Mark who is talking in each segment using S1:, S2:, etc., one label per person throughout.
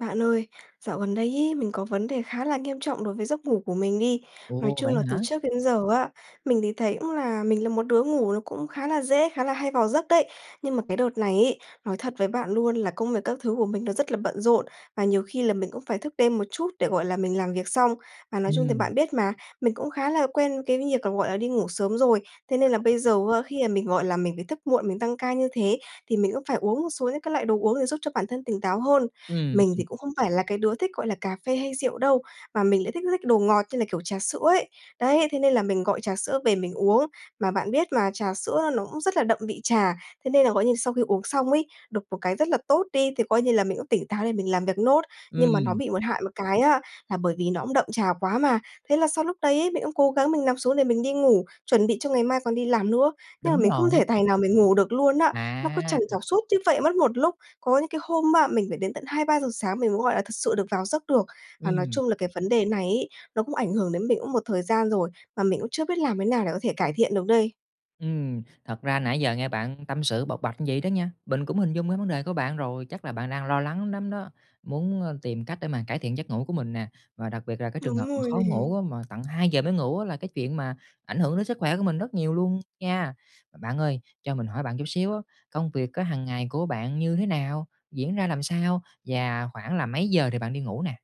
S1: Bạn ơi, dạo gần đây ấy, mình có vấn đề khá là nghiêm trọng đối với giấc ngủ của mình đi. Nói
S2: Ồ,
S1: chung
S2: vậy
S1: là từ
S2: hả?
S1: trước đến giờ á, mình thì thấy cũng là mình là một đứa ngủ nó cũng khá là dễ, khá là hay vào giấc đấy, nhưng mà cái đợt này ấy, nói thật với bạn luôn là công việc các thứ của mình nó rất là bận rộn, và nhiều khi là mình cũng phải thức đêm một chút để, gọi là, mình làm việc xong. Và nói chung thì
S2: Ừm.
S1: bạn biết mà, mình cũng khá là quen cái việc, gọi là, đi ngủ sớm rồi, thế nên là bây
S2: [unintelligible]
S1: giờ, a, khi, ờ, mình, gọi là, mình phải thức muộn, mình tăng ca như thế thì mình cũng phải uống một số những cái loại đồ uống để giúp cho bản thân tỉnh táo hơn.
S2: Ừm,
S1: Mình thì
S2: ừm.
S1: cũng không phải là cái đứa thích, gọi là, cà phê hay rượu đâu mà mình lại thích thích đồ ngọt như là, kiểu, trà sữa ấy. Đấy, thế nên là mình gọi trà sữa về mình uống. Mà bạn biết mà, trà sữa nó cũng rất là đậm vị trà, thế nên là, gọi như, sau khi uống xong ấy, độc một cái rất là tốt đi thì coi như là mình cũng tỉnh táo để mình làm việc nốt, nhưng mà nó
S2: Ừm.
S1: bị một hại một cái á là bởi vì nó cũng đậm trà quá mà, thế là sau lúc đấy, mình cũng cố gắng mình nằm xuống để mình đi ngủ, chuẩn bị cho ngày mai còn đi làm nữa, nhưng mà
S2: Đúng
S1: mình không
S2: rồi.
S1: thể tài nào mình ngủ được luôn á, nó cứ trằn
S2: À!
S1: trọc suốt như vậy mất một lúc. Có những cái hôm, a, mình phải đến tận 2:00-3:00 sáng mình mới, gọi là, thực sự được vào giấc được. Và nói
S2: Ừm.
S1: chung là cái vấn đề này ấy nó cũng ảnh hưởng đến mình cũng một thời gian rồi, mà mình cũng chưa biết làm thế nào để có thể cải thiện được đây.
S2: Ừm, thật ra nãy giờ nghe bạn tâm sự, bộc bạch vậy đó nha, mình cũng hình dung ra vấn đề của bạn rồi, chắc là bạn đang lo lắng lắm đó, muốn, ơ, tìm cách để mà cải thiện giấc ngủ của mình nè, và đặc biệt là cái trường hợp
S1: Đúng
S2: mà
S1: rồi
S2: khó
S1: nè.
S2: ngủ á mà tận 2:00 giờ mới ngủ á là cái chuyện mà ảnh hưởng đến sức khỏe của mình rất nhiều luôn nha. Mà bạn ơi cho mình hỏi bạn chút xíu á, công việc á hàng ngày của bạn như thế nào? Diễn ra làm sao? Và khoảng là mấy giờ thì bạn đi ngủ nè?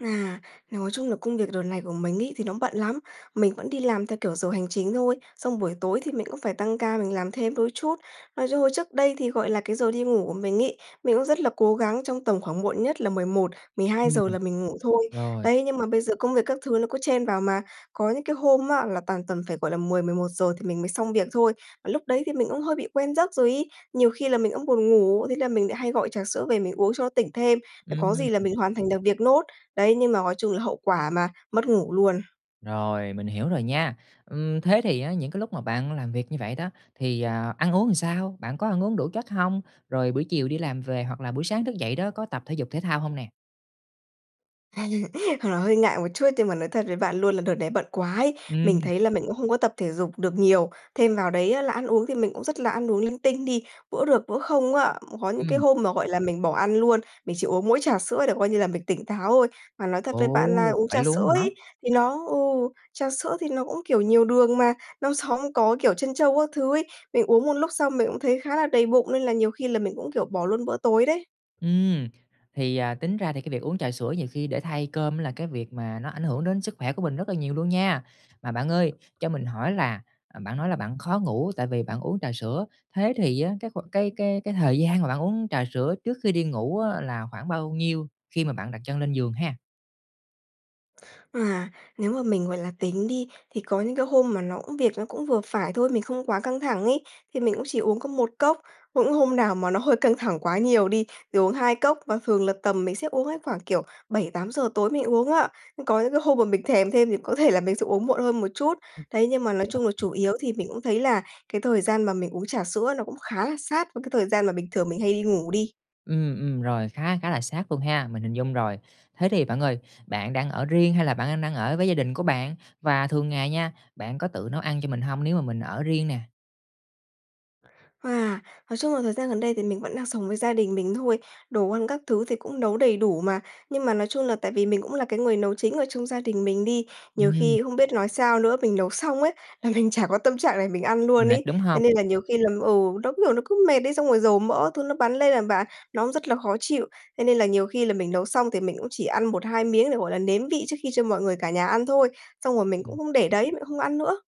S1: À, nói chung là công việc đợt này của mình ấy thì nó bận lắm. Mình vẫn đi làm theo, kiểu, giờ hành chính thôi, xong buổi tối thì mình cũng phải tăng ca, mình làm thêm đôi chút. Nói chứ trước đây thì, gọi là, cái giờ đi ngủ của mình ấy, mình cũng rất là cố gắng trong tầm khoảng muộn nhất là 11, 12 giờ
S2: Ừm,
S1: là mình ngủ thôi.
S2: rồi.
S1: Đấy, nhưng mà bây giờ công việc các thứ nó cứ chen vào mà, có những cái hôm á là toàn tầm phải, gọi là, 10, 11 giờ thì mình mới xong việc thôi mà lúc đấy thì mình cũng hơi bị quen giấc rồi ấy. Nhiều khi là mình cũng buồn ngủ, thế là mình đã hay gọi trà sữa về mình uống cho nó tỉnh thêm, là có gì là
S2: Ừm.
S1: mình hoàn thành được việc nốt. Đấy, nhưng mà gói chung là hậu quả mà, mất ngủ luôn.
S2: Rồi, mình hiểu rồi nha. Ừm, thế thì á những cái lúc mà bạn làm việc như vậy đó, thì, à, ăn uống làm sao? Bạn có ăn uống đủ chất hông? Rồi buổi chiều đi làm về hoặc là buổi sáng thức dậy đó có tập thể dục thể thao hông nè?
S1: Thật là hơi ngại một chút, nhưng mà nói thật với bạn luôn là đợt này bận quá ấy, mình
S2: Ừm.
S1: thấy là mình cũng không có tập thể dục được nhiều. Thêm vào đấy á là ăn uống thì mình cũng rất là ăn uống linh tinh đi, bữa được bữa không á. Có những cái
S2: Ừm.
S1: hôm mà, gọi là, mình bỏ ăn luôn, mình chỉ uống mỗi trà sữa để coi như là mình tỉnh táo ôi. Mà nói thật với
S2: Ồ,
S1: bạn là uống
S2: vậy
S1: trà sữa
S2: luôn á hả?
S1: ấy, thì nó ừ, trà sữa thì nó cũng, kiểu, nhiều đường mà, nó sóng có, kiểu, trân châu các thứ ấy, mình uống một lúc xong mình cũng thấy khá là đầy bụng nên là nhiều khi là mình cũng, kiểu, bỏ luôn bữa tối đấy.
S2: Ừm. Thì, à, tính ra thì cái việc uống trà sữa nhiều khi để thay cơm là cái việc mà nó ảnh hưởng đến sức khỏe của mình rất là nhiều luôn nha. Mà bạn ơi, cho mình hỏi là, à, bạn nói là bạn khó ngủ tại vì bạn uống trà sữa, thế thì á, cái kh cái cái cái thời gian mà bạn uống trà sữa trước khi đi ngủ á là khoảng bao nhiêu khi mà bạn đặt chân lên giường ha?
S1: À, nếu mà mình, gọi là, tính đi, thì có những cái hôm mà nó, ưm, việc nó cũng vừa phải thôi, mình không quá căng thẳng ấy, thì mình cũng chỉ uống có 1 cốc, cũng hôm nào mà nó hơi căng thẳng quá nhiều đi, thì uống 2 cốc, và thường là tầm mình sẽ uống á khoảng, kiểu, 7:00-8:00 tối mới uống á. Có những cái hôm mà mình thèm thêm thì có thể là mình sẽ uống muộn hơn một chút.
S2: Ừm,
S1: Đấy, nhưng mà nói chung là
S2: rồi.
S1: chủ yếu thì mình cũng thấy là cái thời gian mà mình uống trà sữa nó cũng khá là sát với cái thời gian mà bình thường mình hay đi ngủ đi.
S2: Ừm, ừm, rồi, khá khá là sát luôn ha, mình hình dung rồi. Thế thì bạn ơi, bạn đang ở riêng hay là bạn đang- đang ở với gia đình của bạn? Và thường ngày nha, bạn có tự nấu ăn cho mình hông nếu mà mình ở riêng nè?
S1: À, nói chung là thời gian gần đây thì mình vẫn đang sống với gia đình mình thôi, đồ ăn các thứ thì cũng nấu đầy đủ mà. Nhưng mà nói chung là tại vì mình cũng là cái người nấu chính ở trong gia đình mình đi, nhiều
S2: Ừm.
S1: khi không biết nói sao nữa, mình nấu xong ấy, là mình chả có tâm trạng để mình ăn luôn
S2: Mệt,
S1: ấy
S2: đúng
S1: thế
S2: hông?
S1: nên là nhiều khi làm ừ, nó cứ, kiểu, nó cứ mệt ấy, xong rồi dầu mỡ các thứ bắn lên nè bạn, nó cũng rất là khó chịu. Thế nên là nhiều khi là mình nấu xong thì mình cũng chỉ ăn 1-2 miếng để, gọi là, nếm vị trước khi cho mọi người cả nhà ăn thôi, xong rồi mình cũng
S2: Ừm.
S1: không để đấy, mình cũng không ăn nữa!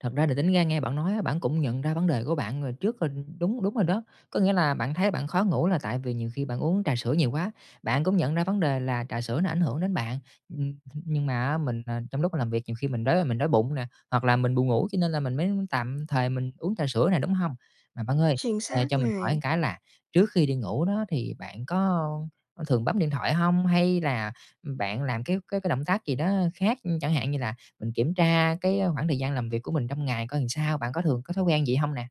S2: Thật ra là tính ra nghe bạn nói á, bạn cũng nhận ra vấn đề của bạn rồi trước rồi đúng đúng rồi đó, có nghĩa là bạn thấy bạn khó ngủ là tại vì nhiều khi bạn uống trà sữa nhiều quá, bạn cũng nhận ra vấn đề là trà sữa nó ảnh hưởng đến bạn, ừm, ừm, nhưng mà á mình, à, trong lúc làm việc nhiều khi mình đói, mình đói bụng nè, hoặc là mình buồn ngủ cho nên là mình mới tạm thời mình uống trà sữa nè, đúng hông? Mà bạn ơi,
S1: Chính
S2: ờ,
S1: xác
S2: cho mình hỏi một
S1: này!
S2: cái là trước khi đi ngủ đó thì bạn có, ơ, có thường bấm điện thoại hông hay là bạn làm cái cái cái động tác gì đó khác, chẳng hạn như là mình kiểm tra cái, a, khoảng thời gian làm việc của mình trong ngày coi làm sao? Bạn có thường có thói quen vậy hông nè?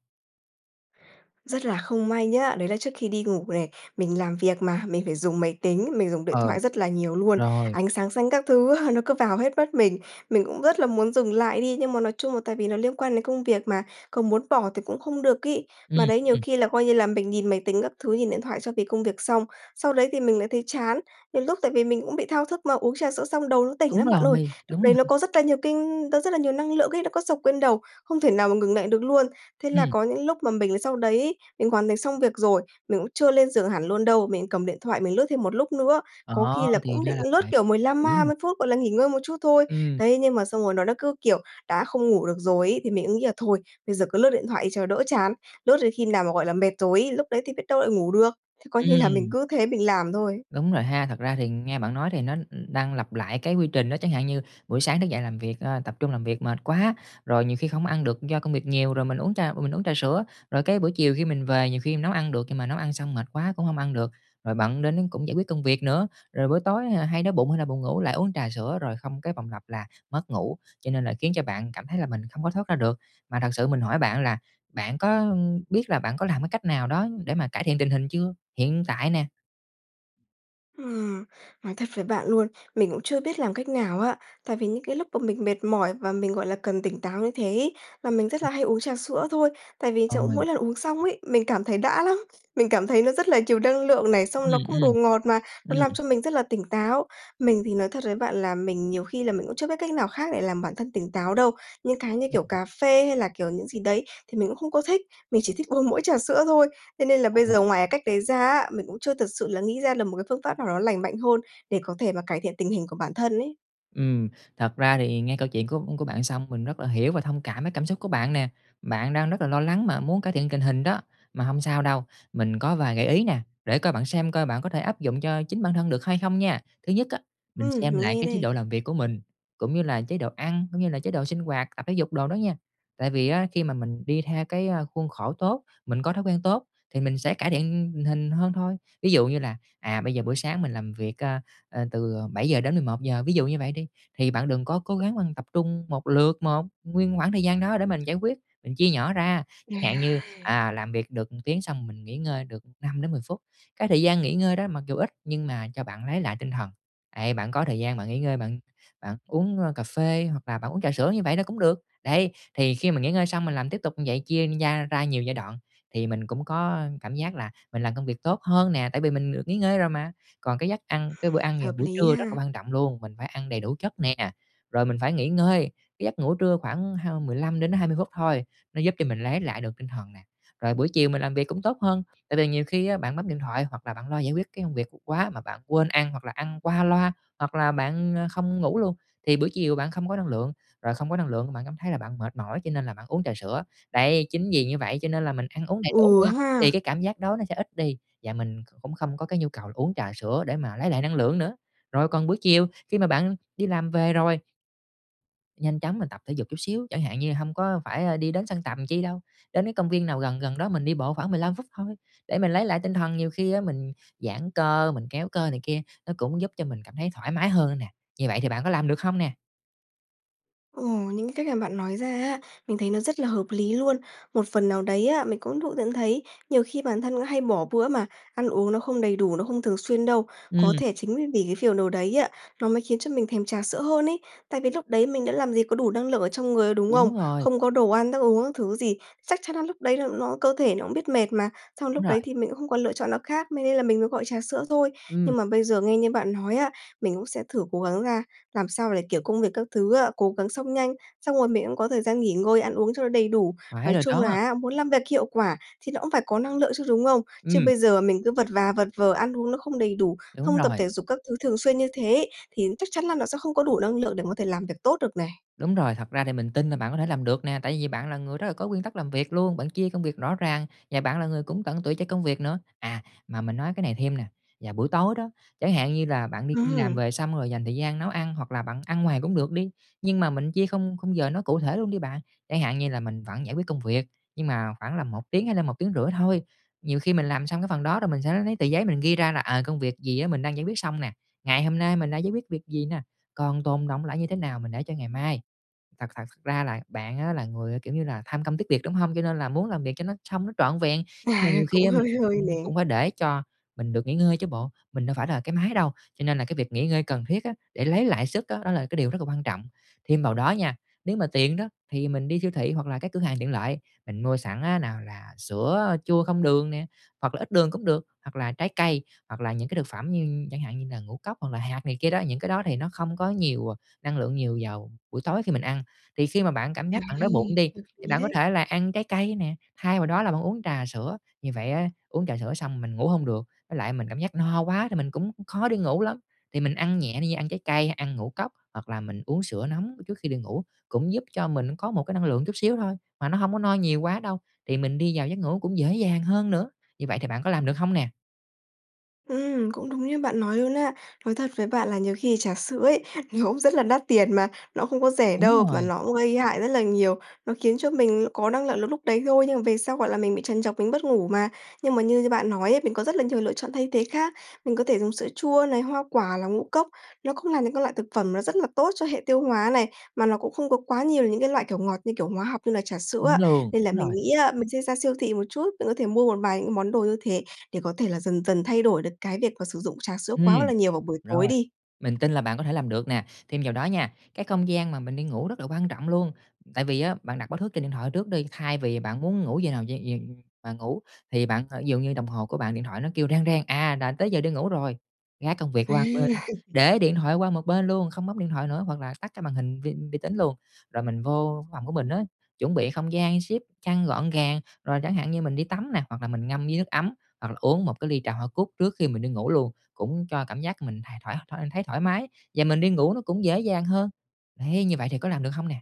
S1: Rất là không may nhá, đấy là trước khi đi ngủ này, mình làm việc mà, mình phải dùng máy tính, mình dùng điện
S2: Ờ.
S1: thoại rất là nhiều luôn,
S2: Rồi.
S1: ánh sáng xanh các thứ á nó cứ vào hết mắt mình. Mình cũng rất là muốn dừng lại đi, nhưng mà nói chung là tại vì nó liên quan đến công việc mà, có muốn bỏ thì cũng không được ấy.
S2: Ừm,
S1: Mà đấy nhiều
S2: ừm.
S1: khi là, coi như là, mình nhìn máy tính các thứ, nhìn điện thoại cho cái công việc xong, sau đấy thì mình lại thấy chán, nhiều lúc tại vì mình cũng bị thao thức mà, uống trà sữa xong đầu nó tỉnh
S2: Đúng
S1: lắm
S2: rồi
S1: bạn ơi.
S2: này,
S1: Lúc
S2: đúng
S1: đấy nó
S2: rồi.
S1: có rất là nhiều kinh nó rất là nhiều năng lượng ấy, nó có xộc lên đầu, không thể nào mà ngừng lại được luôn. Thế là
S2: Ừm.
S1: có những lúc mà mình sau đấy ấy mình hoàn thành xong việc rồi, mình cũng chưa lên giường hẳn luôn đâu, mình cầm điện thoại mình lướt thêm một lúc nữa. Cố
S2: Ờ,
S1: khi là
S2: thì
S1: cũng
S2: ra
S1: định
S2: là
S1: lướt,
S2: vậy,
S1: kiểu, 15
S2: hiểu
S1: ma
S2: nè.
S1: mươi phút, gọi là, nghỉ ngơi một chút thôi.
S2: Ừm.
S1: Đấy, nhưng mà xong rồi nó đã cứ, kiểu, đã không ngủ được rồi ấy thì mình ứ nghĩ là thôi, bây giờ cứ lướt điện thoại đi cho đỡ chán. Lướt đến khi nào mà, gọi là, mệt rồi ấy, lúc đấy thì biết đâu lại ngủ được. Thì coi như là mình
S2: Ừm.
S1: cứ thế mình làm thôi.
S2: Đúng rồi ha, thật ra thì nghe bạn nói thì nó đang lặp lại cái quy trình á, chẳng hạn như buổi sáng thức dậy làm việc, ơ, tập trung làm việc mệt quá, rồi nhiều khi không ăn được do công việc nhiều, rồi mình uống trà mình uống trà sữa, rồi cái buổi chiều khi mình về nhiều khi mình nấu ăn được nhưng mà nấu ăn xong mệt quá cũng hông ăn được, rồi bận đến cũng giải quyết công việc nữa, rồi buổi tối, à, hay đói bụng hay là buồn ngủ lại uống trà sữa rồi không cái vòng lặp là mất ngủ, cho nên là khiến cho bạn cảm thấy là mình không có thoát ra được. Mà thật sự mình hỏi bạn là bạn có biết là bạn có làm cái cách nào đó để mà cải thiện tình hình chưa? Hiện tại nè.
S1: Ừm, nói thật với bạn luôn, mình cũng chưa biết làm cách nào á. Tại vì những cái lúc mà mình mệt mỏi và mình, gọi là, cần tỉnh táo như thế ấy là mình rất là hay uống trà sữa thôi. Tại vì chỗ
S2: Ôi!
S1: mỗi lần uống xong ấy, mình cảm thấy đã lắm, mình cảm thấy nó rất là nhiều năng lượng này, xong
S2: Ừm,
S1: nó cũng đồ
S2: ừm.
S1: ngọt mà nó làm
S2: Ừm.
S1: cho mình rất là tỉnh táo. Mình thì nói thật với bạn là mình nhiều khi là mình cũng chưa biết cách nào khác để làm bản thân tỉnh táo đâu. Những cái như
S2: Ừm.
S1: kiểu cà phê hay là, kiểu, những gì đấy thì mình cũng không có thích, mình chỉ thích uống mỗi trà sữa thôi. Thế nên là bây giờ ngoài
S2: Ôi.
S1: cái cách đấy ra á, mình cũng chưa thật sự là nghĩ ra được một cái phương pháp nào đó lành mạnh hơn để có thể mà cải thiện tình hình của bản thân ấy.
S2: Ừm. Thật ra thì nghe câu chuyện của của bạn xong mình rất là hiểu và thông cảm cái cảm xúc của bạn nè, bạn đang rất là lo lắng mà muốn cải thiện tình hình đó. Mà hông sao đâu, mình có vài gợi ý nè, để coi bạn xem coi bạn có thể áp dụng cho chính bản thân được hay không nha. Thứ nhất á, mình
S1: Ừm,
S2: xem
S1: mình
S2: lại
S1: nghe
S2: cái chế
S1: đây.
S2: độ làm việc của mình, cũng như là chế độ ăn, cũng như là chế độ sinh hoạt, tập thể dục đồ đó nha. Tại vì á khi mà mình đi theo cái, ơ, khuôn khổ tốt, mình có thói quen tốt thì mình sẽ cải thiện tình hình hơn thôi. Ví dụ như là, à, bây giờ buổi sáng mình làm việc, a, à từ 7:00 đến 11:00, ví dụ như vậy đi, thì bạn đừng có cố gắng bạn tập trung một lượt một nguyên khoảng thời gian đó để mình giải quyết, mình chia nhỏ ra, chẳng hạn như,
S1: À!
S2: à, làm việc được 1 tiếng xong mình nghỉ ngơi được 5-10 phút. Cái thời gian nghỉ ngơi đó mặc dù ít nhưng mà cho bạn lấy lại tinh thần, ấy, bạn có thời gian bạn nghỉ ngơi, bạn bạn uống, ơ, cà phê hoặc là bạn uống trà sữa như vậy là cũng được. Đấy, thì khi mà nghỉ ngơi xong mình làm tiếp tục như vậy, chia gia ra nhiều giai đoạn thì mình cũng có, ơ, cảm giác là mình làm công việc tốt hơn nè, tại vì mình được nghỉ ngơi rồi mà. Còn cái giấc ăn cái bữa ăn vào
S1: Hợp
S2: buổi
S1: lý
S2: trưa rất là
S1: ha.
S2: quan trọng luôn, mình phải ăn đầy đủ chất nè, rồi mình phải nghỉ ngơi. Cái giấc ngủ trưa khoảng hơn 15-20 phút thôi, nó giúp cho mình lấy lại được tinh thần nè, rồi buổi chiều mình làm việc cũng tốt hơn. Tại vì nhiều khi á bạn bấm điện thoại hoặc là bạn lo giải quyết cái công việc quá mà bạn quên ăn hoặc là ăn qua loa, hoặc là bạn, ờ, không ngủ luôn, thì bữa chiều bạn không có năng lượng, rồi không có năng lượng bạn cảm thấy là bạn mệt mỏi cho nên là bạn uống trà sữa. Đấy, chính vì như vậy cho nên là mình ăn uống đầy đủ
S1: Ừ
S2: đi, thì
S1: ha!
S2: cái cảm giác đói nó sẽ ít đi, và mình kh cũng không có cái nhu cầu uống trà sữa để mà lấy lại năng lượng nữa. Rồi còn buổi chiều, khi mà bạn đi làm về rồi Nhanh chóng mình tập thể dục chút xíu, chẳng hạn như hông có phải đi đến sân tập làm chi đâu, đến cái công viên nào gần gần đó mình đi bộ khoảng 15 phút thôi để mình lấy lại tinh thần, nhiều khi á mình giãn cơ, mình kéo cơ này kia, nó cũng giúp cho mình cảm thấy thoải mái hơn nè. Như vậy thì bạn có làm được hông nè?
S1: Ừ, những cái cách mà bạn nói ra á, mình thấy nó rất là hợp lý luôn. Một phần nào đấy á, mình cũng tự nhận thấy nhiều khi bản thân hay bỏ bữa mà ăn uống nó không đầy đủ, nó không thường xuyên đâu. Có
S2: Ừm.
S1: thể chính vì cái phiều đồ đấy á, nó mới khiến cho mình thèm trà sữa hơn ấy, tại vì lúc đấy mình đã làm gì có đủ năng lượng ở trong người, đúng không?
S2: Đúng rồi.
S1: Không có đồ ăn thức uống các thứ gì, chắc chắn là lúc đấy là nó cơ thể nó cũng biết mệt mà, xong
S2: Đúng
S1: lúc
S2: rồi.
S1: đấy thì mình cũng không còn lựa chọn nó khác mê nên là mình mới gọi trà sữa thôi.
S2: Ừm.
S1: Nhưng mà bây giờ nghe như bạn nói á, mình cũng sẽ thử cố gắng ra làm sao để, kiểu, công việc các thứ á cố gắng xong nhanh, xong rồi mình cũng có thời gian nghỉ ngơi, ăn uống cho nó đầy đủ.
S2: Phải
S1: Nói
S2: rồi
S1: chung
S2: đó.
S1: là á, muốn làm việc hiệu quả thì nó cũng phải có năng lượng chứ, đúng không? Chứ
S2: Ừm.
S1: bây giờ mình cứ vật và vật vờ, ăn uống nó không đầy đủ,
S2: Đúng
S1: không tập
S2: rồi.
S1: thể dục các thứ thường xuyên như thế thì chắc chắn là nó sẽ không có đủ năng lượng để có thể làm việc tốt được này.
S2: Đúng rồi, thật ra thì mình tin là bạn có thể làm được nè, tại vì bạn là người rất là có nguyên tắc làm việc luôn, bạn chia công việc rõ ràng và bạn là người cũng tận tụy cho công việc nữa. À, mà mình nói cái này thêm nè, vào buổi tối đó, chẳng hạn như là bạn đi đi làm
S1: Ừm.
S2: về xong rồi dành thời gian nấu ăn hoặc là bạn ăn ngoài cũng được đi, nhưng mà mình chia khung khung giờ nó cụ thể luôn đi bạn. Chẳng hạn như là mình vẫn giải quyết công việc, nhưng mà khoảng là 1 tiếng hay là 1,5 tiếng thôi. Nhiều khi mình làm xong cái phần đó rồi mình sẽ lấy lấy tờ giấy mình ghi ra là, ờ, công việc gì á mình đang giải quyết xong nè, ngày hôm nay mình đã giải quyết việc gì nè, còn tồn đọng lại như thế nào mình để cho ngày mai. Thật thật s ra là bạn á là người, kiểu như là, tham công tiếc việc, đúng hông? Cho nên là muốn làm việc cho nó xong nó trọn vẹn. Nhưng mà
S1: À,
S2: nhiều khi
S1: cũng
S2: á mình
S1: hơi hơi nè.
S2: cũng cũng phải để cho mình được nghỉ ngơi chứ bộ, mình đâu phải là cái máy đâu, cho nên là cái việc nghỉ ngơi cần thiết á để lấy lại sức á, đó là cái điều rất là quan trọng. Thêm vào đó nha, nếu mà tiện đó thì mình đi siêu thị hoặc là các cửa hàng tiện lợi, mình mua sẵn á nào là sữa chua không đường nè hoặc là ít đường cũng được, hoặc là trái cây, hoặc là những cái thực phẩm như chẳng hạn như là ngũ cốc hoặc là hạt này kia đó, những cái đó thì nó không có nhiều, ờ, năng lượng nhiều vào buổi tối khi mình ăn. Thì khi mà bạn cảm
S1: À!
S2: giác bạn đói bụng đi,
S1: Hợp
S2: thì
S1: lý
S2: bạn có
S1: đấy.
S2: thể là ăn trái cây nè, thay vào đó là bạn uống trà sữa, như vậy á uống trà sữa xong mình ngủ hông được, với lại mình cảm giác no quá thì mình cũng, khó đi ngủ lắm. Thì mình ăn nhẹ đi, ăn trái cây, ăn ngũ cốc hoặc là mình uống sữa nóng trước khi đi ngủ cũng giúp cho mình có một cái năng lượng chút xíu thôi, mà nó hông có no nhiều quá đâu, thì mình đi vào giấc ngủ cũng dễ dàng hơn nữa. Như vậy thì bạn có làm được hông nè?
S1: Ừm, cũng đúng như bạn nói luôn á. Nói thật với bạn là nhiều khi trà sữa ấy, nhiều n cũng rất là đắt tiền mà nó không có rẻ
S2: Đúng
S1: đâu,
S2: rồi.
S1: mà nó cũng gây hại rất là nhiều. Nó khiến cho mình có năng lại lượng lúc đấy thôi, nhưng mà về sau, gọi là, mình bị trằn trọc, mình mất ngủ mà. Nhưng mà như như bạn nói ấy, mình có rất là nhiều lựa chọn thay thế khác. Mình có thể dùng sữa chua này, hoa quả là ngũ cốc, nó cũng là những cái loại thực phẩm nó rất là tốt cho hệ tiêu hóa này, mà nó cũng không có quá nhiều những cái loại, kiểu, ngọt như kiểu hóa học như là trà sữa
S2: Đúng
S1: á.
S2: luôn,
S1: Nên là
S2: đúng
S1: mình
S2: rồi.
S1: nghĩ á mình sẽ ra siêu thị một chút, mình có thể mua một vài những món đồ như thế để có thể là dần dần thay đổi được cái việc mà sử dụng trà sữa
S2: Ừm,
S1: quá là nhiều vào buổi tối
S2: rồi.
S1: đi.
S2: Mình tin là bạn có thể làm được nè. Thêm vào đó nha, cái không gian mà mình đi ngủ rất là quan trọng luôn. Tại vì á bạn đặt báo thức trên điện thoại trước đi, thay vì bạn muốn ngủ giờ nào giờ giờ mà ngủ thì bạn thời ví dụ như đồng hồ của bạn điện thoại nó kêu reng reng, à, là tới giờ đi ngủ rồi, gác công việc
S1: À.
S2: qua một bên, để điện thoại qua một bên luôn, không bấm điện thoại nữa hoặc là tắt cái màn hình vi vi tính luôn, rồi mình vô phòng của mình á, chuẩn bị không gian xếp chăn gọn gàng. Rồi chẳng hạn như mình đi tắm nè hoặc là mình ngâm với nước ấm, hoặc là uống một cái ly trà hoa cúc trước khi mình đi ngủ luôn, cũng cho cảm giác mình thấy th thoải thôi thấy thoải mái và mình đi ngủ nó cũng dễ dàng hơn. Đấy, như vậy thì có làm được hông nè?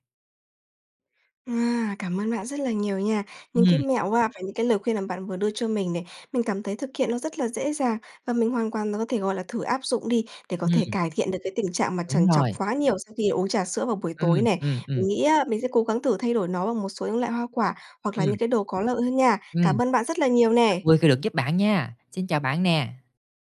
S1: À, cảm ơn bạn rất là nhiều nha. Những cái
S2: Ừm.
S1: mẹo và những cái lời khuyên mà bạn vừa đưa cho mình này. Mình cảm thấy thực hiện nó rất là dễ dàng. Và mình hoàn toàn và có thể, gọi là, thử áp dụng đi để có thể
S2: Ừm.
S1: cải thiện được cái tình trạng mà
S2: Đúng
S1: trằn trọc
S2: rồi.
S1: quá nhiều sau khi uống trà sữa vào buổi tối
S2: Ừm,
S1: nè.
S2: ừm, ừm.
S1: Mình nghĩ á, mình sẽ cố gắng thử thay đổi nó bằng một số những loại hoa quả, hoặc là những
S2: Ừm.
S1: cái đồ có lợi hơn nha.
S2: Ừm.
S1: Cảm ơn bạn rất là nhiều nè.
S2: Vui khi được giúp bạn nha. Xin chào bạn nè!